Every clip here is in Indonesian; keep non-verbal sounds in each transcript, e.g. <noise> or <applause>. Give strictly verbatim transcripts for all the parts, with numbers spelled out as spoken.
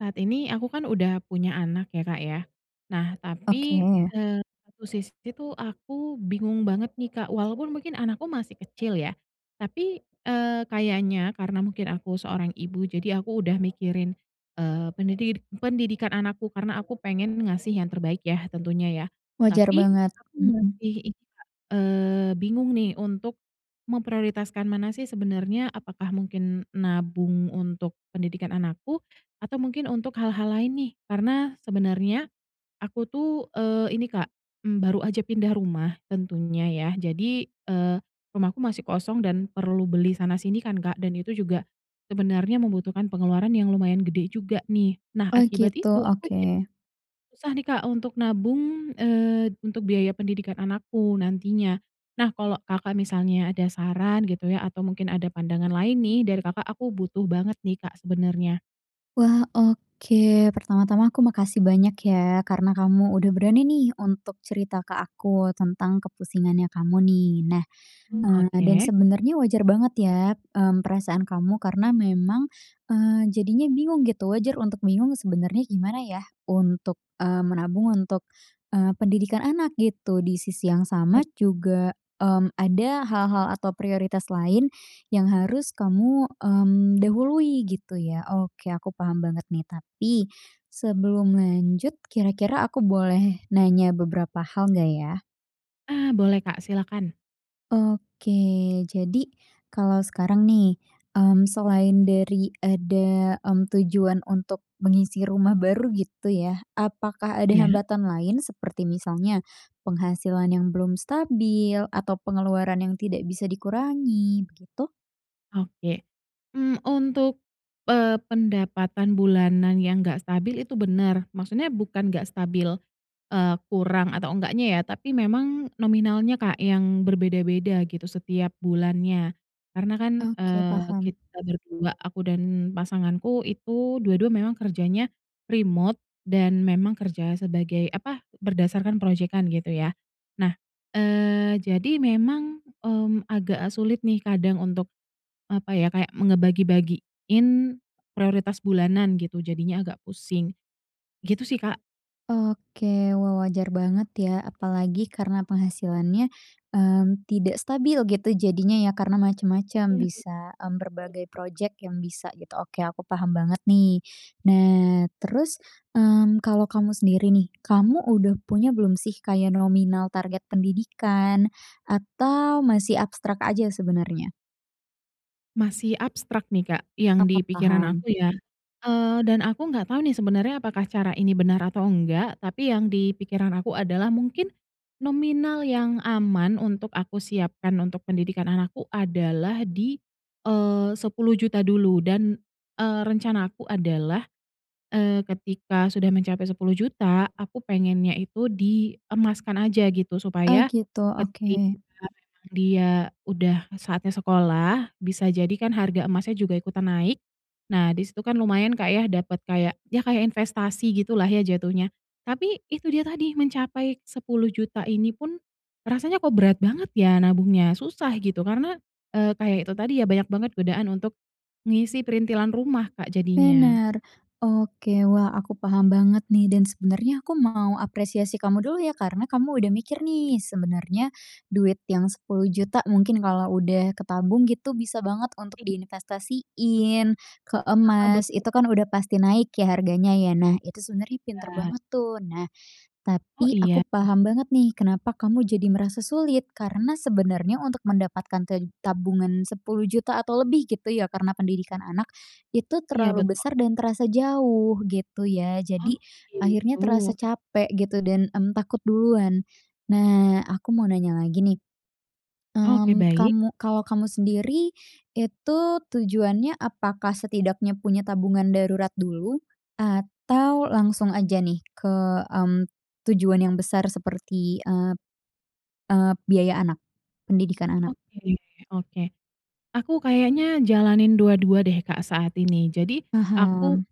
Saat ini, aku kan udah punya anak ya, Kak, ya. Nah, Oke. tapi, eee, satu sisi tuh aku bingung banget nih, Kak. Walaupun mungkin anakku masih kecil ya, tapi, eee, kayaknya karena mungkin aku seorang ibu. Jadi aku udah mikirin, eee, pendidik pendidikan anakku karena aku pengen ngasih yang terbaik ya tentunya ya. Wajar Tapi banget. aku Mhm. masih itu, Kak, eee, bingung nih, untuk memprioritaskan mana sih sebenernya, apakah mungkin nabung untuk pendidikan anakku atau mungkin untuk hal-hal lain nih. Karena sebenernya aku tuh, eee, ini, Kak, mmm, baru aja pindah rumah tentunya ya. Jadi, eee, rumahku masih kosong dan perlu beli sana-sini kan, Kak, dan itu juga sebenarnya membutuhkan pengeluaran yang lumayan gede juga nih. Nah Oh akibat gitu. itu, aku jadi Oke. susah nih, Kak, untuk nabung, eee, untuk biaya pendidikan anakku nantinya. Nah, kalau Kakak misalnya ada saran gitu ya, atau mungkin ada pandangan lain nih dari Kakak, aku butuh banget nih, Kak, sebenernya. Wah. Oke, pertama-tama aku makasih banyak ya, karena kamu udah berani nih untuk cerita ke aku tentang kepusingannya kamu nih. Nah, Mmm, eee, dan oke. sebenernya wajar banget ya, mmm, perasaan kamu karena memang, eee, jadinya bingung gitu. Wajar untuk bingung sebenernya gimana ya untuk, eee, menabung untuk, eee, pendidikan anak gitu. Di sisi yang sama <unintelligible> juga, mmm, ada hal-hal atau prioritas lain yang harus kamu, mmm, dahului gitu ya. Oke, aku paham banget nih. Tapi sebelum lanjut kira-kira aku boleh nanya beberapa hal, nggak ya? Ah boleh Kak, silakan. Oke. Jadi kalau sekarang nih, mmm, selain dari ada, mmm, tujuan untuk mengisi rumah baru gitu ya, apakah ada Iya? hambatan lain, seperti misalnya penghasilan yang belum stabil atau pengeluaran yang tidak bisa dikurangi, begitu? Oke. Mmm, untuk, eee, pendapatan bulanan yang enggak stabil itu bener. Maksudnya bukan enggak stabil, eee, kurang atau enggaknya ya, tapi memang nominalnya Kak yang berbeda-beda gitu setiap bulannya. Karena kan, Oke, eee, paham. kita berdua, aku dan pasanganku itu dua-dua memang kerjanya remote dan memang kerja sebagai apa, berdasarkan projekan gitu ya. Nah, eee, jadi memang, mmm, agak sulit nih kadang untuk apa ya, kayak me ngebagi-bagiin prioritas bulanan gitu, jadinya agak pusing. Gitu sih Kak. Oke. Wah wajar banget ya, apalagi karena penghasilannya, mmm, tidak stabil gitu jadinya ya karena macam-macam, bisa, mmm, berbagai <unintelligible> projek yang bisa gitu. Oke aku paham banget nih. Nah terus, mmm, kalau kamu sendiri nih, kamu udah punya belum sih kayak nominal target pendidikan atau masih abstrak aja sebenernya? Masih abstrak nih, Kak, Ap yang di ap pikiran paham. aku ya, eee, dan aku nggak tahu nih sebenernya apakah cara ini benar atau enggak. Tapi yang di pikiran aku adalah mungkin nominal yang aman untuk aku siapkan untuk pendidikan anakku adalah di, eee, sepuluh juta dulu dan, eee, rencana aku adalah, eee, ketika sudah mencapai sepuluh juta aku pengennya itu diemaskan aja gitu, Oh, supaya gitu. Oke. ketika memang dia udah saatnya sekolah, bisa jadi kan harga emasnya juga ikutan naik. Nah di situ kan lumayan, Kak, ya dapet kayak, ya kayak investasi gitulah ya jatuhnya. Tapi, itu dia tadi mencapai sepuluh juta ini pun, rasanya kok berat banget ya nabungnya susah gitu. Karena, eee, kayak itu tadi ya banyak banget godaan untuk ngisi perintilan rumah, Kak, jadinya. Bener. Oke. Wah, aku paham banget nih dan sebenernya aku mau apresiasi kamu dulu ya, karena kamu udah mikir nih, sebenernya duit yang sepuluh juta mungkin kalau udah ketabung gitu, bisa banget untuk I diinvestasiin ke Heeh, emas. betul. Itu kan udah pasti naik ya, harganya ya. Nah itu sebenernya pinter Ya. banget tuh. Nah, Oh, tapi aku iya. paham banget nih, kenapa kamu jadi merasa sulit. Karena sebenarnya untuk mendapatkan ted tabungan sepuluh juta atau lebih gitu ya, karena pendidikan anak itu Iya, terlalu betul. besar dan terasa jauh gitu ya. Oh, Jadi, akhirnya gitu. terasa capek gitu dan, mmm, takut duluan. Nah, aku mau nanya lagi nih. Oke, Mmm, baik. kamu kalau kamu sendiri itu tujuannya apakah setidaknya punya tabungan darurat dulu atau langsung aja nih ke, mmm, tujuan yang besar seperti, eee, eee, biaya anak, pendidikan anak? Oke. Oke, aku kayaknya jalanin dua-dua deh, Kak, saat ini. Jadi, aku Paham.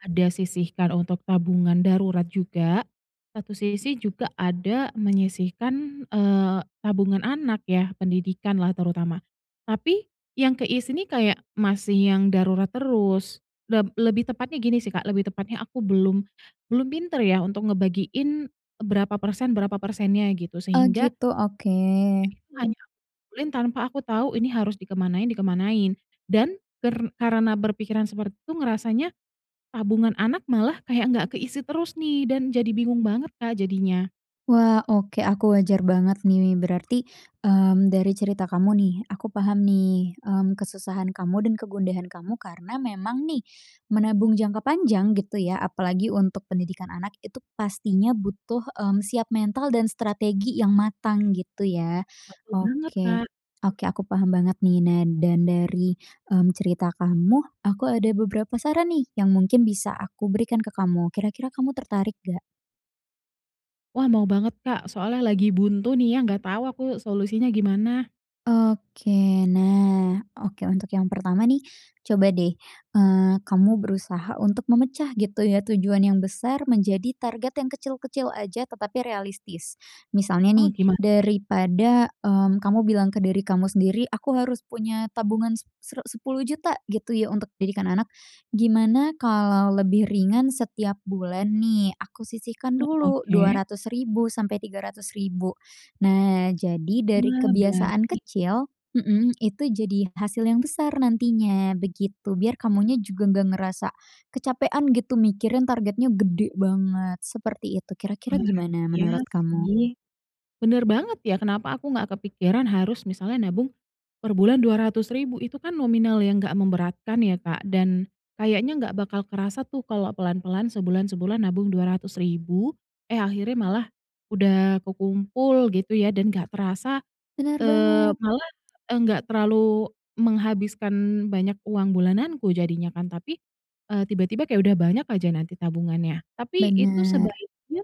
ada sisihkan untuk tabungan darurat juga. Satu sisi juga ada menyisihkan, eee, tabungan anak yah, pendidikanlah terutama. Tapi yang ke isi nih, kayak masih yang darurat terus leb lebih tepatnya gini sih, Kak, lebih tepatnya aku belum, belum pinter ya untuk ngebagiin berapa persen berapa persennya gitu, Oh, sehingga gitu. Oke. itu hanya aku kumpulin tanpa aku tahu ini harus dikemanain dikemanain dan ker karena berpikiran seperti itu ngerasanya tabungan anak malah kayak nggak ke isi terus nih dan jadi bingung banget, Kak, jadinya. Wah. Oke, aku wajar banget nih berarti, mmm, dari cerita kamu nih. Aku paham nih, mmm, kesusahan kamu dan kegundahan kamu karena memang nih menabung jangka panjang gitu ya. Apalagi untuk pendidikan anak itu pastinya butuh, mmm, siap mental dan strategi yang matang gitu ya. Betul banget, Oke. Kak. Oke, aku paham banget nih. Nah dan dari, mmm, cerita kamu aku ada beberapa saran nih yang mungkin bisa aku berikan ke kamu kira-kira kamu tertarik nggak? Wah, mau banget Kak, soalnya lagi buntu nih ya nggak tahu aku solusinya gimana. Oke, nah oke, untuk yang pertama nih, coba deh, eee, kamu berusaha untuk memecah gitu ya tujuan yang besar menjadi target yang kecil-kecil aja tetapi realistis, misalnya Oh nih gimana? daripada, mmm, kamu bilang ke diri kamu sendiri, "Aku harus punya tabungan se sere sepuluh juta," gitu ya untuk didikan anak, "gimana kalau lebih ringan setiap bulan nih aku sisihkan Ya, dulu dua oke. ratus ribu sampai tiga ratus ribu." Nah jadi dari Nah baik. kebiasaan kecil mhm, itu jadi hasil yang besar nantinya begitu, biar kamunya juga nggak ngerasa, kecapekan gitu mikirin targetnya gede banget, seperti itu, kira-kira Wah gimana iya menurut kamu? sih, bener banget ya kenapa aku nggak kepikiran harus misalnya nabung, per bulan dua ratus ribu, Itu kan nominal yang enggak memberatkan ya Kak dan, kayaknya nggak bakal kerasa tuh kalau pelan-pelan sebulan-sebulan nabung dua ratus ribu eh, akhirnya malah, udah kekumpul gitu ya dan nggak terasa, Bener eee, banget. malah, enggak terlalu menghabiskan banyak uang bulananku jadinya kan tapi, eee, tiba-tiba kayak udah banyak aja nanti tabungannya, tapi itu Bener. sebaiknya,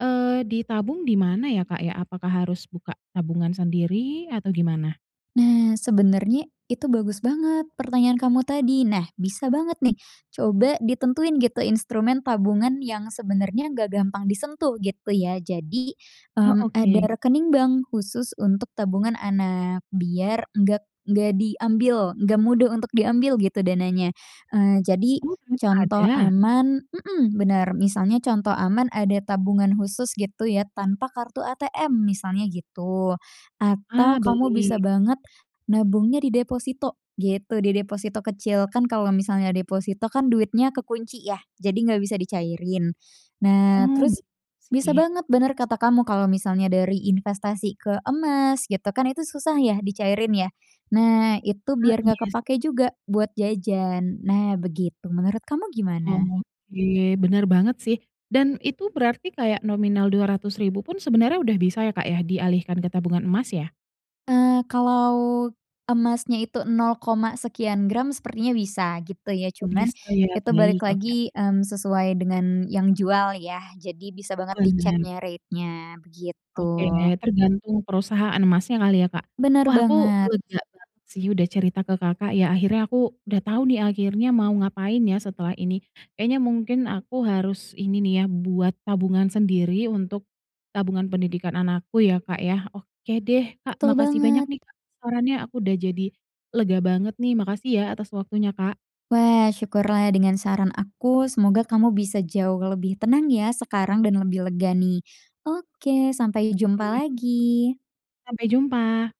eee, ditabung di mana ya Kak ya? Apakah harus buka tabungan sendiri atau gimana? Nah sebenernya itu bagus banget pertanyaan kamu tadi, nah bisa banget nih, coba ditentuin gitu instrumen tabungan yang sebenernya nggak gampang disentuh gitu ya jadi, Ah, mmm, ada oke. rekening bank khusus untuk tabungan anak biar nggak nggak diambil, nggak mudah untuk diambil gitu dananya, eee, jadi, Oh memang contoh ada? aman mhm, bener, misalnya contoh aman ada tabungan khusus gitu ya tanpa kartu ATM misalnya gitu, Ah, atau kamu beli. bisa banget, nabungnya di deposito gitu, di deposito kecil. Kan kalau misalnya deposito kan duitnya kekunci ya jadi nggak bisa dicairin, nah Oh terus, bener bisa sih. banget bener kata kamu kalau misalnya dari investasi ke emas gitu kan itu susah ya dicairin ya, nah itu Ah, biar nggak iya sih. kepakai juga buat jajan, nah begitu, menurut kamu gimana? Oke bener banget sih, dan itu berarti kayak nominal dua ratus ribu pun sebenernya udah bisa ya Kak ya dialihkan ke tabungan emas ya. Eee, kalau, emasnya itu nol koma sekian gram sepertinya bisa gitu ya Oh cuman bisa ya itu balik baik, oke. lagi, mmm, sesuai dengan yang jual ya jadi bisa banget Bener. diceknya rate-nya begitu. Oke, tergantung perusahaan emasnya kali ya Kak, Bener wah aku banget. lega banget sih udah cerita ke Kakak ya akhirnya aku udah tahu nih akhirnya mau ngapain ya setelah ini. Kayaknya mungkin aku harus ini nih ya buat tabungan sendiri untuk, tabungan pendidikan anakku ya Kak ya. Oke deh Kak, Betul makasih banyak banget. nih Kak sarannya, aku udah jadi lega banget nih, makasih ya atas waktunya, Kak. Wah syukurlah dengan saran aku semoga kamu bisa jauh lebih tenang ya sekarang dan lebih lega nih, oke sampai jumpa Oke. lagi. Sampai jumpa.